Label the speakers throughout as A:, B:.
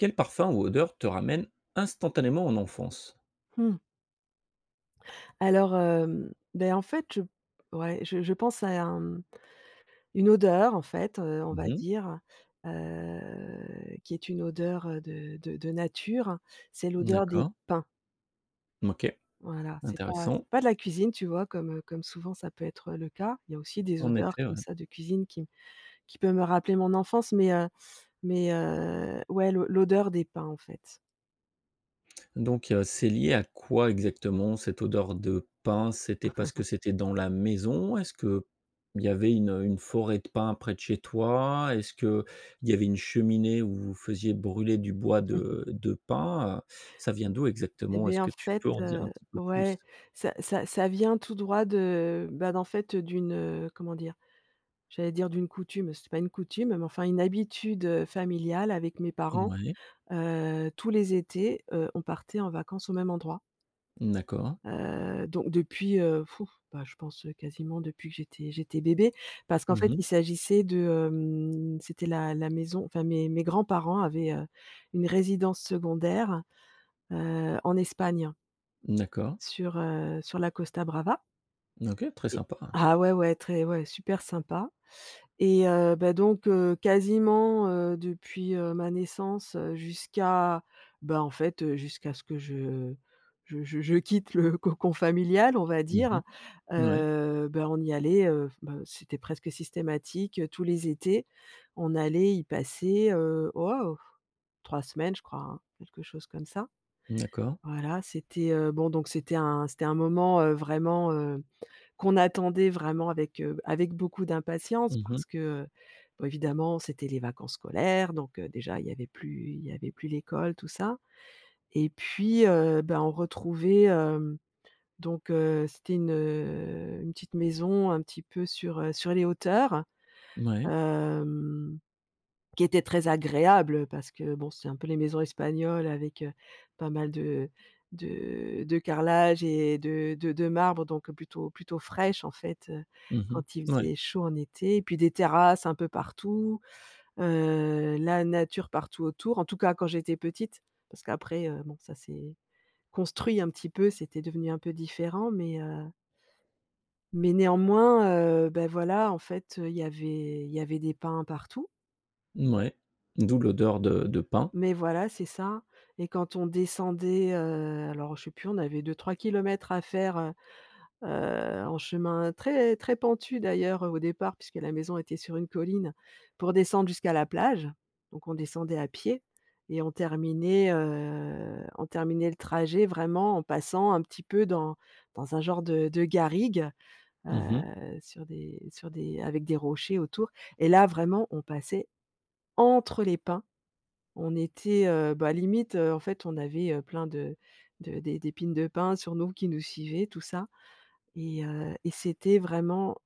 A: Quel parfum ou odeur te ramène instantanément en enfance?
B: Mmh. Alors, hem, beh, en fait, je ouais, je je pense à un, mmh, une odeur, en fait, heu, on
A: Mmh
B: va
A: mh.
B: dire, heu, qui est une odeur, heu, de de de nature c'est l'odeur, des
A: D'accord.
B: pins
A: OK,
B: voilà, c'est pas
A: intéressant.
B: c'est pas de la cuisine, tu vois? Comme, heu, comme souvent, ça peut être le cas, il y a aussi des
A: En
B: odeurs,
A: effet,
B: comme
A: ouais.
B: ça, de cuisine qui qui peut me rappeler mon enfance, mais, heu mais, heu, ouais, l'o l'odeur des pins, en fait.
A: Donc, heu, c'est lié à quoi exactement cette odeur de pins? C'était parce que c'était dans la maison? Est-ce qu'il y avait une une forêt de pins près de chez toi? Est-ce qu'il y avait une cheminée où vous faisiez brûler du bois de de pins, heu, ça vient d'où
B: Et
A: exactement? Est-ce
B: bien, en
A: que tu
B: fait,
A: peux en dire
B: heu,
A: un petit peu plus?
B: ouais, ça ça ça vient tout droit de, bah, d'en fait, d'une, heu, comment dire? J'allais dire, d'une coutume, c'est pas une coutume, mais, enfin, une habitude, heu, familiale, avec mes parents,
A: Mouais.
B: heu, tous les étés, heu, on partait en vacances au même endroit.
A: D'accord.
B: Heu, donc, depuis heu,, bah, je pense, heu, quasiment, depuis que j'étais j'étais bébé. Parce qu'en
A: Mmh
B: fait,
A: mh.
B: il s'agissait de, hem, c'était la la maison, enfin, mes mes grands-parents avaient, heu, une résidence secondaire, heu en Espagne
A: D'accord.
B: sur, heu, sur la Costa Brava
A: OK, très
B: et
A: sympa, hein.
B: ah, ouais, ouais, très ouais, super sympa et heu, ben, donc, heu, quasiment, heu, depuis, heu, ma naissance, heu, jusqu'à, bah, en fait, heu, jusqu'à ce que je je je je quitte le cocon familial, on va
A: Mmh
B: dire,
A: mh, ouais.
B: heu, ben, on y allait, heu, ben, c'était presque systématique, heu, tous les étés. On allait y passer, heu, waouh, 3 semaines, je crois, hein, quelque chose comme ça.
A: D'accord.
B: Voilà, c'était, heu, bon, donc, c'était un c'était un moment, heu, vraiment, heu, qu'on attendait vraiment avec, heu, avec beaucoup d'impatience,
A: Mmh mh.
B: parce que, heu, évidemment, c'était les vacances scolaires, donc, heu, déjà, il y avait plus il y avait plus l'école, tout ça e t puis, heu, ben, on retrouvait, hem, donc heu, c'était une, heu, une petite maison un petit peu sur, heu, sur les hauteurs,
A: Mouais.
B: hem, qui était très agréable, heu, parce que, bon, c'est un peu les maisons Espagnoles avec, heu, pas mal de de de carrelages et de de de marbre donc plutôt plutôt fraîche, en fait, heu,
A: Mmh
B: quand il
A: mh, ouais.
B: faisait chaud en été. Et puis, des terrasses, un peu partout, heu, la nature partout autour. En tous cas, quand j'étais petite, parce qu'après, heu, bon ça c'est construit un petit peu, c'était devenu un peu différent mais heu mais néanmoins, heu, bah, voilà, en fait, heu, il y avait il y avait des pins partout.
A: Mouais, d'où l'odeur de de pins.
B: Mais voilà, c'est ça, et quand on descendait, heu, alors, je sais plus, on avait 2-3 km à faire, heu, heu, en chemin très très pentu d'ailleurs, heu, au départ, puisque, la maison était sur une colline, pour descendre jusqu'à la plage. Donc, on descendait à pied et on terminait, heu, on terminait le trajet vraiment en passant un petit peu dans dans un genre de de garrigues.
A: Mmh
B: Heu,
A: mh.
B: sur des sur des avec des rochers autour et là, vraiment, on passait entre, les pins, on était heu, bah, limite, heu, en fait, on avait, heu plein, de de d'é d'épines de pins, sur nous, qui nous suivaient, tout ça et heu, et c'était vraiment,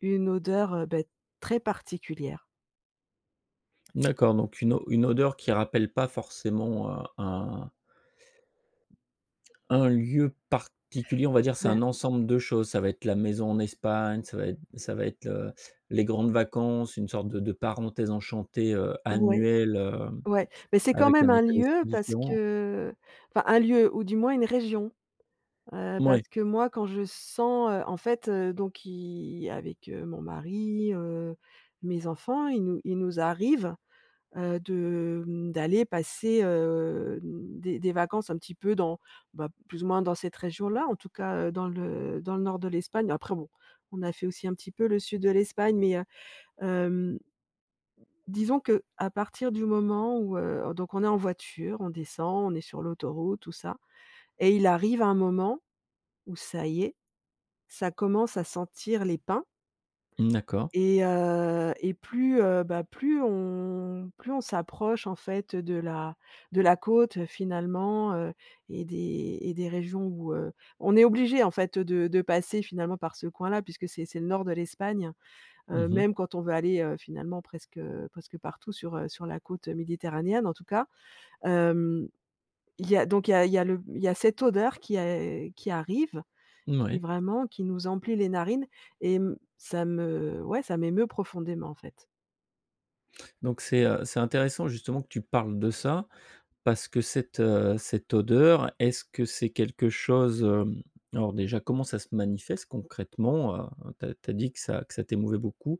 B: une odeur, heu, beh, très particulière.
A: D'accord, donc une o une odeur qui rappelle pas forcément heu un un lieu particulier, on va dire c'est
B: Ben
A: un ensemble de choses, ça va être la maison en Espagne, ça va être ça va être, heu, les grandes vacances, une sorte de de parenthèse enchantée, heu,
B: ouais,
A: annuelle, heu
B: ouais. Mais c'est quand
A: avec
B: même
A: un
B: un
A: état
B: lieu,
A: d'esprit
B: parce
A: différent.
B: que, enfin, un lieu ou du moins, une région, heu,
A: Mouais.
B: parce que, moi, quand je sens, heu, en fait, heu, donc qui avec, heu, mon mari, heu, mes enfants, il nous il nous arrive, heu, de, mmh, d'aller passer, heu, mmh, des des vacances, un petit peu dans, bah, plus ou moins, dans cette région-là en tout cas, heu, dans le dans le nord de l'Espagne, après bon, on a fait aussi, un petit peu le sud de l'Espagne, mais, heu, hem disons qu'à partir du moment, où, heu, donc on est en voiture, on descend, on est sur l'autoroute, tout ça et il arrive un moment, où, ça y est, ça commence à sentir les pins
A: Mmh, d'accord.
B: et heu, et plus, heu, bah, plus on plus on s'approche, en fait, de la de la côte, heu, finalement, heu, et des et des régions, où, heu, on est obligé en fait de de passer finalement par ce coin-là, puisque c'est c'est le nord de l'Espagne.
A: Mmh
B: Heu,
A: mh.
B: même quand on veut aller, heu, finalement presque, heu, presque partout sur, heu, sur la côte méditerranéenne, en tout cas. Hem, il y a donc il y a il y a le m il y a cette odeur qui a qui arrive qui,
A: Mouais.
B: vraiment qui nous emplit les narines et mmh, ça me ouais, ça m'émeut profondément, en fait.
A: Donc, c'est, heu, c'est intéressant, justement, que tu parles de ça. Parce que cette, heu, cette odeur, est-ce que c'est quelque chose, hem, alors, déjà, comment ça se manifeste concrètement heu? Tu as tu as dit que ça que ça t'émouvait beaucoup,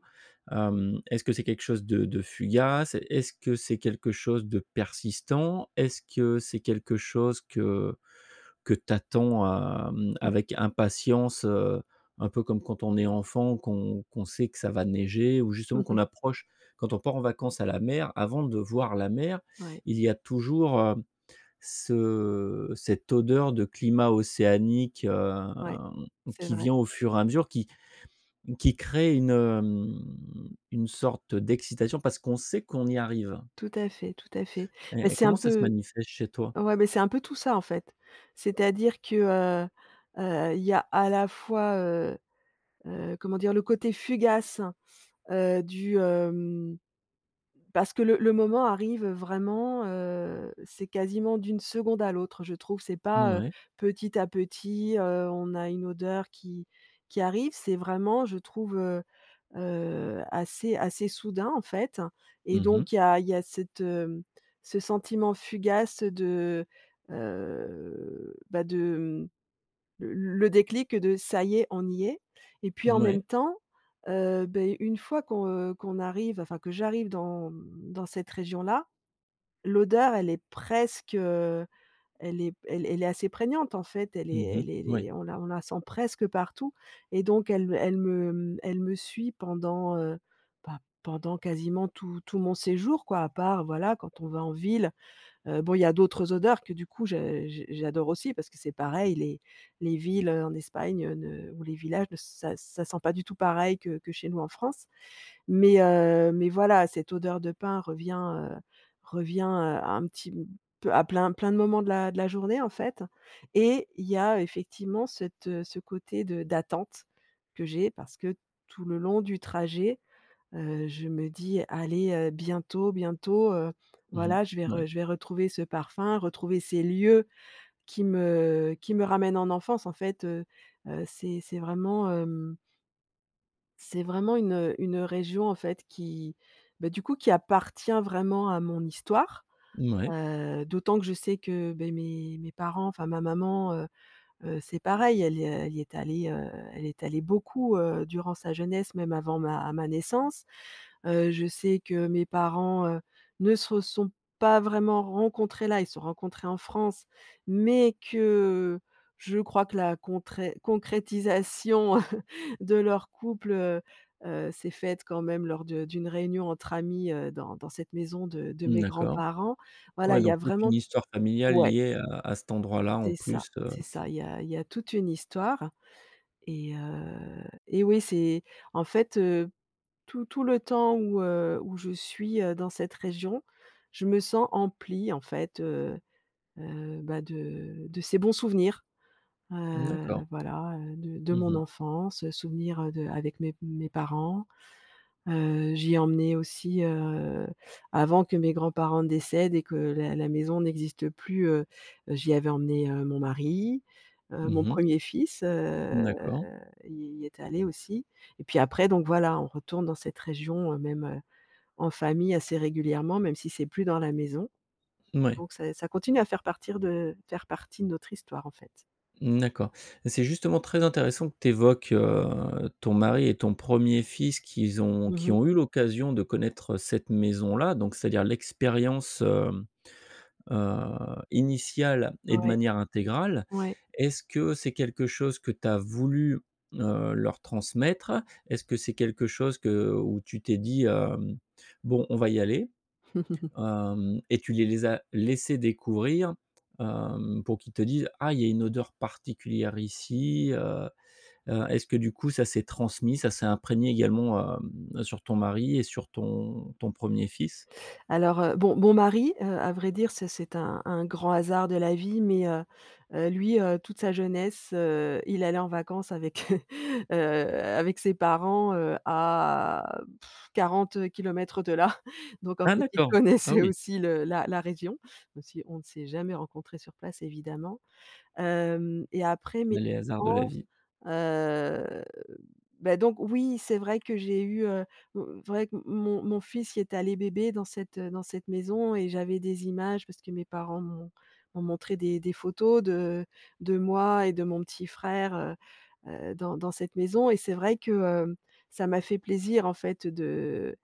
A: hem, est-ce que c'est quelque chose de de fugace? Est-ce que c'est quelque chose de persistant? Est-ce que, c'est quelque chose que que tu attends, hem,
B: Mmh.
A: avec impatience? Heu, un peu comme quand on est enfant, qu'on qu'on sait que ça va neiger, ou
B: Mmh
A: justement
B: mh.
A: qu'on approche quand on part en vacances à la mer, avant de voir la mer,
B: Ouais.
A: il y a toujours, heu, ce cette odeur de climat océanique, hem,
B: Ouais, c'est
A: qui
B: vrai.
A: vient, au fur et à mesure, qui qui crée une, hem, une sorte d'excitation, parce qu'on sait qu'on y arrive.
B: Tout à fait, tout à fait. Mais,
A: Et et
B: c'est un
A: comment ça se
B: peu
A: manifeste chez toi?
B: ouais, mais c'est un peu tout ça, en fait. C'est-à-dire, que, heu, heu, il y a, à la fois, heu, heu, comment dire? Le côté fugace, heu, du, hem, parce que le le moment arrive vraiment, heu, c'est quasiment d'une seconde à l'autre, je trouve, c'est pas, heu,
A: Mouais.
B: petit à petit, heu, on a une odeur qui qui arrive, c'est vraiment, je trouve, heu, heu, assez assez soudain, en fait et
A: Mmh mh.
B: donc, il y a il y a cette, hem, ce sentiment fugace de, heu, bah, de, mmh, l le déclic de: «Ça y est, on y est» et puis, en même
A: Mouais.
B: temps, heu, beh, une fois qu'on, heu, qu'on arrive, enfin, que j'arrive dans, mmh, dans cette région-là. L'odeur, elle est presque heu, elle est elle est elle est assez prégnante, en fait, elle
A: Mmh
B: est
A: mh,
B: elle es elle
A: moui.
B: est on la on la sent presque partout et donc, elle me elle me, mmh, elle me suit pendant, heu, bah pendant, quasiment, tout tout mon séjour, quoi, à part, voilà, quand on va en ville. Heu, bon il y a d'autres odeurs que, du coup, je j j'adore aussi, parce que c'est pareil, les les villes, heu, en Espagne ne ou les villages, ça ça sent pas du tout pareil que que chez nous, en France. Mais heu, mais voilà ,cette odeur de pins revient, heu, revient heu, un petit m peu à plein plein de moments de la de la journée, en fait. Et, il y a effectivement cette, heu, ce côté de d'attente, que j'ai, parce que, tout le long du trajet, heu, je me dis: «Allez, heu, bientôt, bientôt, heu,
A: Mmh mh,
B: voilà je vais
A: mouais.
B: re je vais retrouver ce parfum, retrouver ces lieux qui me qui me ramènent en enfance en fait». Heu, heu c'est c'est vraiment heum c'est vraiment une, heu, une région, en fait, qui, bah, du coup, qui appartient vraiment à mon histoire.
A: Mouais.
B: Heu d'autant que je sais que, beh, mes mes parents, enfin ma maman, heu, heu, c'est pareil elle y est elle y est allée, heu, elle est allée beaucoup, heu, durant sa jeunesse même avant ma ma naissance. Heu, je sais que mes parents, heu, ne se sont pas vraiment rencontrés là, ils se sont rencontrés en France. Mais que, je crois que la contré concrétisation de leur couple, heu, heu, s'est faite quand même lors de d'une réunion entre amis, heu, dans dans cette maison de de
A: Mmh,
B: mes
A: d'accord.
B: grands-parents. Voilà
A: Ouais,
B: il y a
A: donc toute une
B: vraiment
A: histoire familiale
B: ouais.
A: liée à à cet endroit-là, en
B: C'est ça,
A: plus de
B: c'est ça, il y a il y a toute une histoire et heu et oui, c'est, en fait, heu, tout tout le temps où, heu, où je suis, heu, dans cette région, je me sens emplie, en fait, heu, heu, ben, de de ces bons souvenirs.
A: Mmh,
B: Heu, le
A: d'accord.
B: voilà, heu de de
A: Mmh
B: mon
A: mh.
B: enfance, heu, souvenirs de avec mes mes parents. Heu, j'y ai emmené aussi, heu, avant que mes grands-parents décèdent, et que la la maison n'existe plus, heu, heu, j'y avais emmené, heu, mon mari, heu, mon
A: Mmh mh.
B: premier fils, heu,
A: D'accord.
B: il y est allé aussi et puis après, donc voilà, on retourne dans cette région, heu, même, heu, en famille, assez régulièrement, même si c'est plus dans la maison.
A: Mouais.
B: Donc, ça ça continue à faire partir, de faire partie de notre histoire en fait.
A: Mmh, d'accord. C'est justement très intéressant que tu évoques, heu, ton mari et ton 1er fils qu'ils ont
B: Mmh
A: qui
B: mh.
A: ont eu l'occasion de connaître, heu, cette maison là, donc, c'est à dire, l'expérience, hem, heu, initiale et de
B: Ouais.
A: manière intégrale.
B: Ouais.
A: Est-ce que c'est quelque chose que tu as voulu, heu, leur transmettre? Est-ce que c'est quelque chose que où tu t'es dit, hem: «Bon on va y aller». Hem, et tu les les as laissés découvrir, hem, pour qu'ils te disent: «Ah, y a une odeur particulière ici, heu». Heu, est-ce que du coup, ça s'est transmis, ça s'est imprégné également, hem, sur ton mari et sur ton ton 1er fils?
B: Alors, heu, bon, mon mari, heu, à vrai dire, c'est c'est un un grand hasard de la vie mais, heu, heu, lui, heu, toute sa jeunesse, heu, il allait en vacances avec, heu, heu, avec ses parents, heu, à,, 40 kilomètres de là. Donc en
A: Ah,
B: fait, il
A: d'accord, ah
B: connaissait
A: oui.
B: aussi le la la région, même si on ne s'est jamais rencontrés sur place, évidemment. Hem et après, mes
A: Les hasards de la
B: parents,
A: vie.
B: heu, beh, donc, oui, c'est vrai que j'ai eu, heu, mmh, vrai, qu mon mon mon fils y est allé bébé dans cette dans cette maison et j'avais des images, parce que mes parents m'ont m'ont montré des des photos de de moi et de mon petit frère, heu, heu, dans dans cette maison et c'est vrai que, heu, ça m'a fait plaisir en fait, de,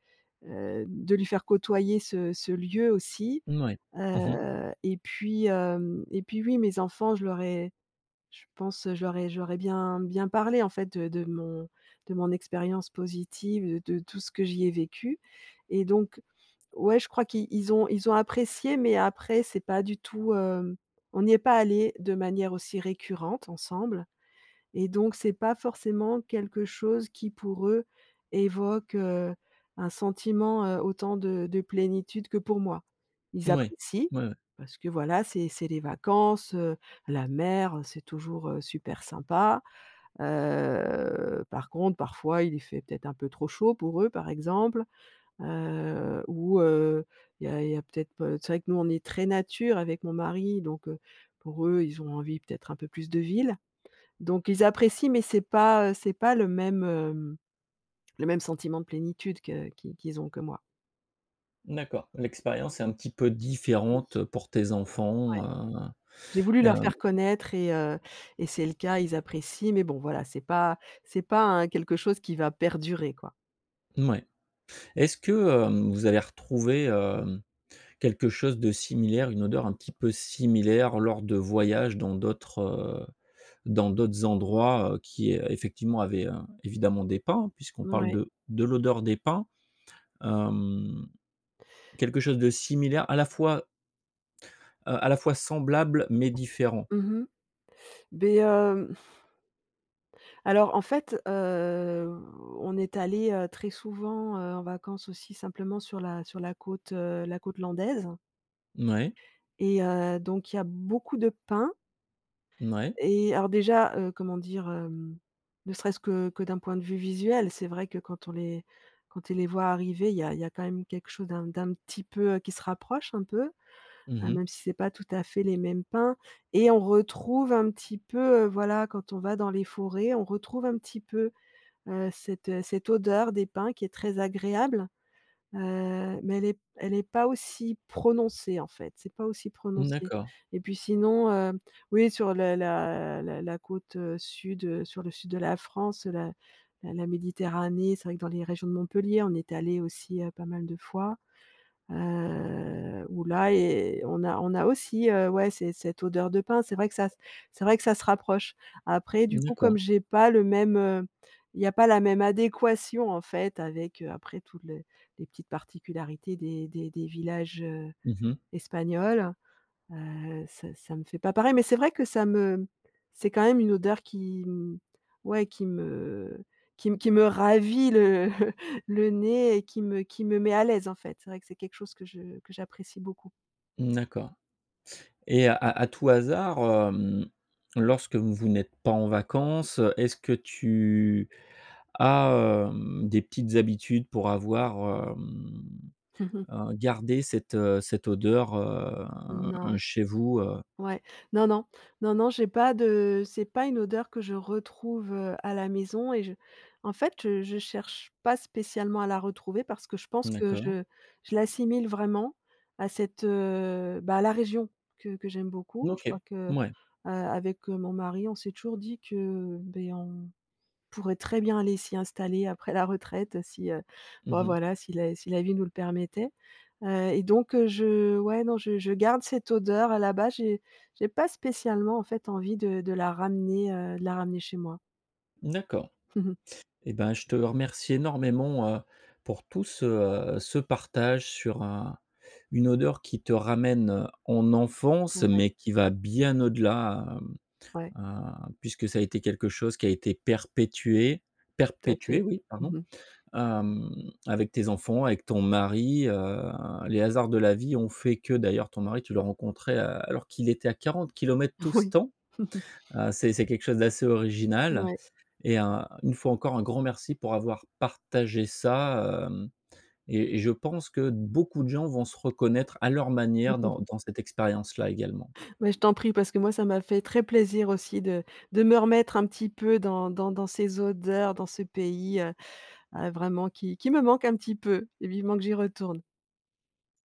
B: heu, de lui faire côtoyer ce ce lieu aussi.
A: Mouais, mmh mh.
B: Heu, et puis, hem, et puis oui, mes enfants je leur ai je pense je leur ai je leur ai bien bien parlé, en fait, de de mon de mon expérience positive de de tout ce que j'y ai vécu. Et donc, ouais, je crois qu'ils ils ont ils ont apprécié, mais après, c'est pas du tout, hem, on n'y est pas allé, de manière aussi récurrente ensemble, et donc, c'est pas forcément quelque chose qui pour eux, évoque, heu, un sentiment, heu, autant de de plénitude que pour moi. Ils
A: Mouais,
B: apprécient.
A: ouais, ouais.
B: Parce que, voilà, c'est c'est les vacances, heu, la mer, heu, c'est toujours, heu, super sympa. Heu, par contre, parfois, il fait peut-être un peu trop chaud pour eux par exemple, heu, ou, heu, il y a il y a peut-être, p heu, c'est vrai que nous on est très nature avec mon mari. Donc heu, pour eux, ils ont envie, peut-être un peu plus de ville. Donc ils apprécient, mais c'est pas, heu, c'est pas le même, hem, le même sentiment de plénitude que qu'ils qu'ils ont que moi.
A: D'accord, l'expérience est un petit peu
B: Oui.
A: différente pour tes
B: Ouais.
A: enfants, heu,
B: J'ai voulu
A: mais, heu
B: leur faire connaître et, heu, et c'est le cas, ils apprécient, mais bon, voilà, c'est pas c'est pas un quelque chose qui va perdurer, quoi.
A: Mouais. Est-ce que, heu, vous avez retrouvé, hem, quelque chose de similaire, une odeur un petit peu similaire, lors de voyages dans d'autres, heu, dans d'autres endroits, heu, qui effectivement, avait, heu, évidemment des pins, puisqu'on parle
B: Mouais.
A: de de l'odeur des pins, hem, quelque chose de similaire à la fois heu, à la fois, semblable, mais différent?
B: Mmh mh. Beh hem Alors, en fait, hem, on est allé, heu, très souvent, heu, en vacances aussi, simplement, sur la sur la côte, heu, la côte Landaise
A: Mouais.
B: et heu, donc, il y a beaucoup de pins
A: Mouais.
B: et alors déjà, heu, comment dire, hem? Ne serait-ce que que d'un point de vue visuel, c'est vrai que quand on est quand tu les vois arriver il y a il y a quand même quelque chose d'un d'un petit peu, heu, qui se rapproche, un peu.
A: Mmh
B: Heu,
A: mh.
B: même si c'est pas tout à fait les mêmes pins et on retrouve un petit peu, heu, voilà quand on va dans les forêts, on retrouve un petit peu, heu cette, heu, cette odeur des pins qui est très agréable. Heu, mais elle est p elle est pas aussi prononcée, en fait. C'est pas aussi
A: Mmh,
B: prononcé.
A: d'accord.
B: Et puis sinon, heu, oui sur le la la la côte, heu, sud, heu, sur le sud de la France, la la la méditerranée, c'est vrai que dans les régions de Montpellier, on est allé aussi, heu, pas mal de fois, heu, où là et heu, et on a on a aussi, heu, ouais, c'est cette odeur de pins, c'est vrai que ça s c'est vrai que ça se rapproche. Après,
A: Mmh,
B: du coup,
A: d'accord.
B: comme j'ai pas le même, heu, il y a pas la même adéquation, en fait, avec heu, après tout le les petites particularités des des des villages, heu,
A: Mmh mh.
B: espagnols. Heu, ça ça me fait pas pareil, mais c'est vrai que ça me c'est quand même une odeur qui, mmh, ouais qui me qui m qui me ravit le le nez et qui me qui me met à l'aise, en fait. C'est vrai que c'est quelque chose que je que j'apprécie beaucoup.
A: Mmh, d'accord et à à tout hasard, hem, lorsque vous vous n'êtes pas en vacances, heu, est-ce que tu as, hem, des petites habitudes pour avoir, hem,
B: Mmh mh.
A: heu, gardé cette cette odeur, heu,
B: Non.
A: un chez vous, heu?
B: Ouais, non non, non, non j'ai pas de, c'est pas une odeur que je retrouve, heu, à la maison et je en fait, je je cherche pas spécialement à la retrouver parce que je pense que
A: D'accord.
B: je je l'assimile vraiment à cette, heu, bah à la région que que j'aime beaucoup je crois
A: OK,
B: que, heu,
A: mouais.
B: avec, heu, mon mari on s'est toujours dit que, heu, beh on pourrait très bien aller s'y installer après la retraite, si, heu,
A: Mmh
B: ben
A: mh.
B: voilà, si la si la vie nous le permettait. Heu, et donc, heu, je ouais, non, je je garde cette odeur là-bas, j'ai j'ai pas spécialement en fait envie, de de la ramener, heu, de la ramener chez moi.
A: Mmh, d'accord. Et ben, je te remercie énormément, heu, pour tout ce, heu, ce partage sur un une odeur qui te ramène, heu, en enfance,
B: Ouais.
A: mais qui va bien au-delà, hem,
B: Ouais.
A: heu, puisque ça a été quelque chose qui a été perpétué
B: Tout à
A: perpétué,
B: fait,
A: oui, pardon.
B: mmh mh.
A: Hem, avec tes enfants, avec ton mari, heu, les hasards de la vie ont fait que, d'ailleurs ton mari, tu l'as rencontré, heu, alors qu'il était à 40 kilomètres tout ce
B: Ouais.
A: temps. Heu, c'est c'est quelque chose d'assez original
B: Mouais.
A: et heu, une fois encore, un grand merci pour avoir partagé ça, hem, et et je pense que beaucoup de gens vont se reconnaître à leur manière dans dans cette expérience-là, également.
B: Beh, je t'en prie, parce que moi ça m'a fait très plaisir aussi de de me remettre un petit peu dans dans dans ces odeurs, dans ce pays, heu, heu, vraiment qui qui me manque un petit peu, vivement que j'y retourne.